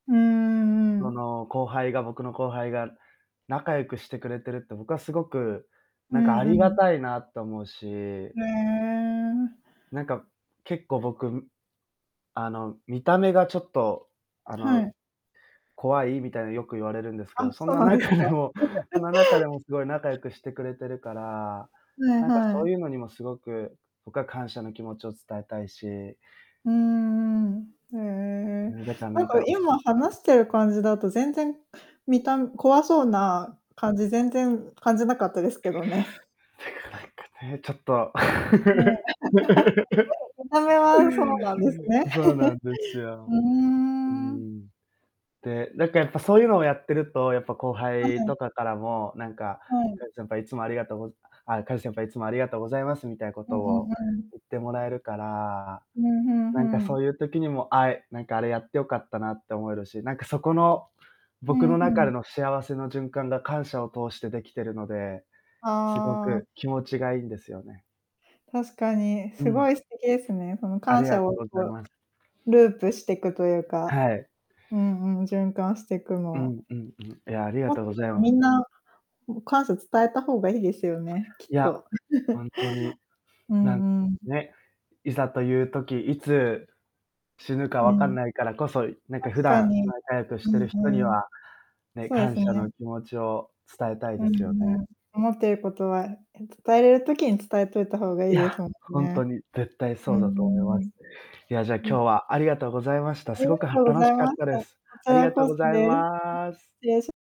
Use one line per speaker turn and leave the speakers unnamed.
うん-うんう
そ
ん。
の後輩が僕の後輩が仲良くしてくれてるって僕はすごく、
う
なんかあ
んう
りが
ん。
たいなと思うし
へえ。
なんか、結構、僕、んあの見た目がちょっと、あ
は
の、
い。
怖いみたいによく言われるんですけ
あ、
ど、そん
そう
な
なんです
中
か。
でもその中で もすごい仲良くしてくれているから、
はい
なんか
は
そ
い。
ういうのにもすごく、僕は感謝の気持ちを伝えたいし
うんうんうんうん、へえ、
ねえ、だからな
なん
ん
か
か
今話
[unintelligible]
してる感じだと全然見た怖そうな感じ全然感じなかったですけどね。
てか、なんかね、ちょっと
もう。見た目はそうなんですね。
そうなんです
う
よ。
ー
う
ん。
ん。で、なんかやっぱそういうのをやっていると、やっぱ後
は
輩
い。
とかからも、なんか、
はい。
「カジ先輩いつもありがとうあ、カジ先輩いつもありがとうございます」みたいなこ
うん
と
う
を
んうん。
言ってもらえるから、
ふんふんふ
なんか
ん。
そういう時にも、あえなんかあれやってよかったなって思えるし、なんかそこの、
う
僕
ん、
の
ふ
中で
ん。
の幸せの循環が感謝を通してできているので、すご
ああ。
く気持ちがいんですよね。
確かに、
う
すご
ん。
い素敵ですね。その
あ
感
りが
謝
とう
を
ござい
こ
ます。
うループしていくというか、
はい。
うんうん、循環してく
う
の。
ん、うん、うん。いや、ありが
もっ
とうごじゃい
とみ
ま
んな、ん感謝伝えた方がいいですよね、きっ
いや、
と。
ほんとに、
う
なん
んうん。
ね、いざという時、いつ死ぬか
う
わかん
ん。
ないからこそ、なんか普
確か
段
に、
仲良くし
う
てい
ん
る人に
うん、
は、ね、
そうで
感
す
謝
ね。
の気持ちを伝えたい
う
ですよ
ん
ね。
うん、思ってることは、え伝えれる時に伝えといた方がい
い
いで
や、
すもん
ほんと
ね。
に絶対
う
そう
ん-
だと
う
思い
んう
ま
ん。
す。いや、じゃ、今
うん。
日はありがとうございました。
あ
す
りが
ごくは
とうご
楽
ざい
しかっ
まし
た
た。
で
こ
す。
ち
あり
ら
がと
こ
う
そ
ござい
です。う、失
ます。
礼し